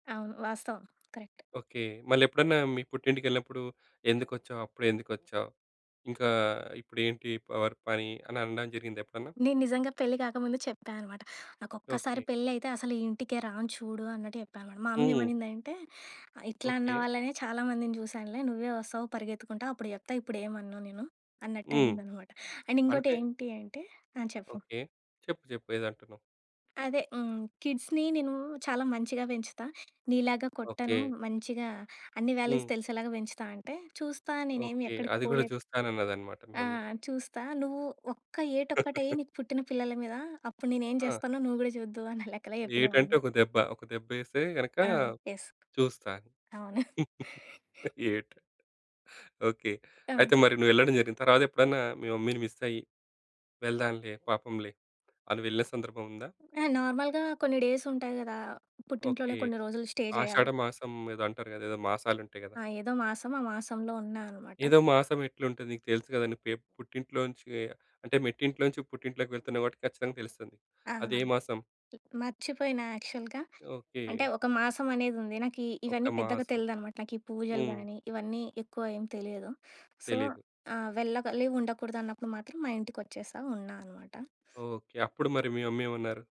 అవును. వాస్తవం. Correct. Okay. మళ్ళెప్పుడన్నా మీ పుట్టింటికెళ్ళినప్పుడూ "ఎందుకొచ్చావు? అప్పుడే ఎందుకొచ్చావు? ఇంకా ఇప్పుడేంటి ప వర్ పని" అని అనడం జరిగిందా ఎప్పుడన్నా? నేను నిజంగా పెళ్లి కాకముందు చెప్పా అనమాట. ఓకే. నాకొక్కసారి పెళ్ళయితే, అసలు ఈ ఇంటికే రాను చూడు అన్నట్టు చెప్పానమాట. మా అమ్మ హ్మ్. ఏమనిందంటే, ఆహ్, "ఇట్లా అన్న ఓకే. వాళ్ళనే చాలా మందిని చూశానులే, నువ్వే వస్తావు పరిగెత్తుకుంటా, అప్పుడు చెప్తా, ఇప్పుడేమనను నేను," హ్మ్. అన్నట్టనిందనమాట. అండ్ అంటే? ఇంకోటేంటి అంటే ఆ! చెప్పు. ఓకే. చెప్పు. చెప్పు. ఏదో అంటున్నావు? అదే హ్మ్, కిడ్స్‌ని నేనూ చాలా మంచిగా పెంచుతా, నీలాగా కొట్టను. ఓకే. మంచిగా అన్ని వాల్యూస్ హ్మ్. తెలిసేలాగా పెంచుతా అంటే, "చూస్తా నేనేమి ఓకే. ఎక్కడికి అది గూడా పోలేదు." చూస్తానన్నదనమాట మీ ఆ! మమ్మీ. "చూస్తా. నువ్వు ఒక్క ఏటొక్కటేయి నీకు పుట్టిన పిల్లల మీద. అప్పుడు నేనేం ఆ! జేస్తానో నువ్వు గూడా చూద్దువు" అన్న లెక్కల చెప్పిన మా ఏటంటే, మమ్మీ. ఒక దెబ్బ. ఒక దెబ్బేస్తే గనక ఆ! యెస్. చూస్తా. అవును. ఏటు ఓకే. ఆ! అయితే, మరి నువ్వెళ్ళడం జరిగింది. తరవాతెప్పుడన్నా మీ మమ్మీని మిస్సయ్యి వెళ్దాంలే, పాపంలే అని వెళ్ళే సందర్భముందా? ఆ! నార్మల్‌గా కొన్ని డేసుంటాయి గదా! పుట్టింట్లోనే ఓకే. కొన్ని రోజులు స్టే జెయ్యాలి. ఆషాడ మాసం ఏదో అంటారు గదా! ఏదో మాసాలుంఉంటాయి గదా! ఆ! ఏదో మాసం ఆ మాసంలో ఉన్నా అనమాట. ఏదో మాసం ఎట్లుంటది? నీకు తెలుసు గదా! నువ్వు పె పుట్టింట్లోంచి అంటే, మెట్టింట్లోంచి పుట్టింట్లోకి వెళ్తున్నవు కాబట్టి ఖచ్చితంగా తెలుస్తది నీకు. ఆ! ల్ అదే మాసం? మర్చిపోయినా యాక్చల్‌గా. అంటే, ఓకే. ఒక మాసమనేదుంది. నాకీ ఒక ఇవన్నీ పెద్దగా మాసం. తెలీదనమాట. నాకీ పూజలు హ్మ్. గానీ, ఇవన్నీ ఎక్కువ ఏం తెలియదు. సో తెలీదు. ఆ! వెళ్ళగలి ఉండకూడదన్నప్పుడు మాత్రం మా ఇంటికొచ్చేశా ఉన్నా అనమాట. ఓకే. అప్పుడు మరి మీ మమ్మీ ఏమన్నారు?